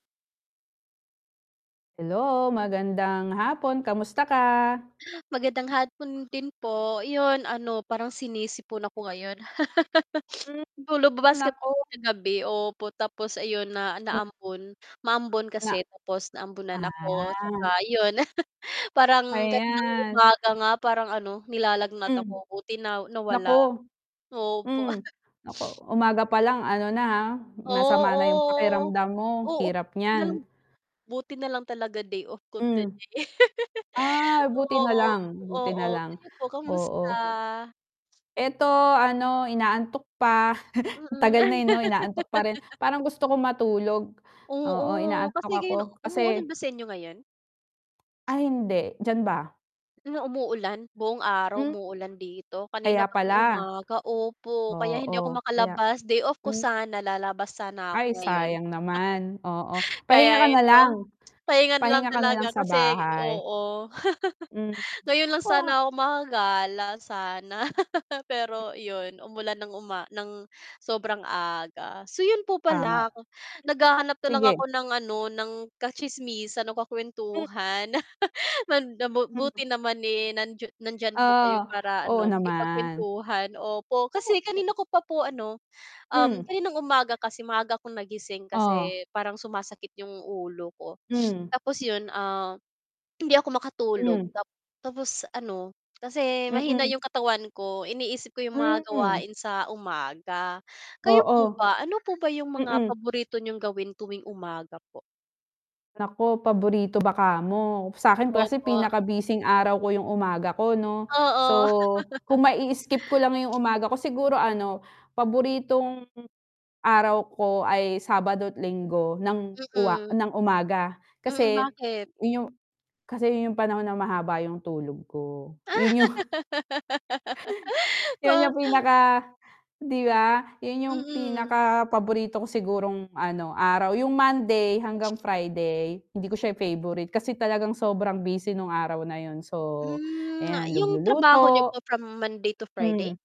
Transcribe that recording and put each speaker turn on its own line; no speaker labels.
Hello, magandang hapon. Kamusta ka?
Magandang hapon din po. 'Yon ano, parang sinisipon ako ngayon,
Hmm,
kasi po lumabas kami
nako.
kasi kagabi. Opo, tapos ayon na
Ma
naambon, maambon
Na
kasi tapos naambunan ako 'tsaka
ah.
'yon, parang kaninang
Ayan.
umaga nga parang ano, nilalagnat ako.
Hmm.
Buti na nawala,
Naku.
opo.
Hmm, naku, umaga pa lang ano na ha, masama na 'yong
Oo.
pakiramdam mo,
Oo,
hirap
buti na lang
niyan.
buti na lang talaga day off ko
Hmm.
today.
Ay, buti na
Oo,
lang, buti
oo.
na lang.
Kayo po, kamusta?
Oo. Ito, ano, inaantok pa. Tagal na,
Mm.
eh, 'no, inaantok pa rin. Parang gusto kong matulog. Oo,
Oo.
inaantok
Kasi
ako
ngayon umuulan
kasi
ba sa inyo ngayon?
Ay, hindi, diyan ba?
Na umuulan, buong araw
Hmm.
umuulan dito. Kanina
Kaya
pa
pala.
pong umaga, opo, kaya hindi ako
Oo, kaya
makalabas. Day off ko
hmm.
sana, lalabas sana
Ay,
ako ngayon.
sayang naman. Oo, pahinga
Kaya
ka na lang.
eto, pahinga na lang
Pahinga ka na lang
talaga
sa
kasi
bahay.
oo.
Hmm,
Ngayon lang sana
ha
ako makakagala sana, pero 'yon umulan ng uma nang sobrang aga. So, 'yon po
Tama.
pala
[unintelligible]
naghahanap na lang ako
Sige.
ng ano, ng katsismisan o
Mhm.
kakuwentuhan. Man da mu
[unintelligible]
buti naman, eh, nandiya nandiyan po kayo
Ah,
para
oo,
ano,
naman.
makipagkuwentuhan, opo.
Totoo
Kasi
po.
kanina ko pa po ano, um,
Hmm.
kaninang umaga kasi maaga akong nagising
Oh.
kasi parang sumasakit 'yong ulo ko.
Hmm.
Tapos 'yon, ah, hindi ako makatulog
Hmm.
tap tapos ano, kasi mahina
Mm.
'yong katawan ko, iniisip ko 'yong mga
Hmm.
gawain sa umaga. Kayo po
Oo.
ba, ano po ba 'yong mga
Mm.
paborito niyong gawin tuwing umaga po?
Nako, paborito ba kamo? Sa'kin kasi
Opo.
pinaka-busing araw ko 'yong umaga ko 'no. So
Oo.
kung mai-skip ko lang 'yong umaga ko, siguro ano, paboritong araw ko ay Sabado't Linggo ng uwa
Mm.
nang umaga.
Mm,
Kasi
bakit?
'yon 'yong kasi 'yon 'yong panahon na mahaba 'yong tulog ko. 'Yon 'yong 'yon
Wa
'yong pinaka 'di ba? 'Yon 'yong
Mm.
pinakapaborito ko sigurong ano, araw. Yung Monday hanggang Friday, hindi ko siya yung favorite kasi talagang sobrang busy no'ng araw na 'yon. So
Hmm,
ayan,
yong trabaho niyo
nagluluto.
po from Monday to
Hmm.
Friday?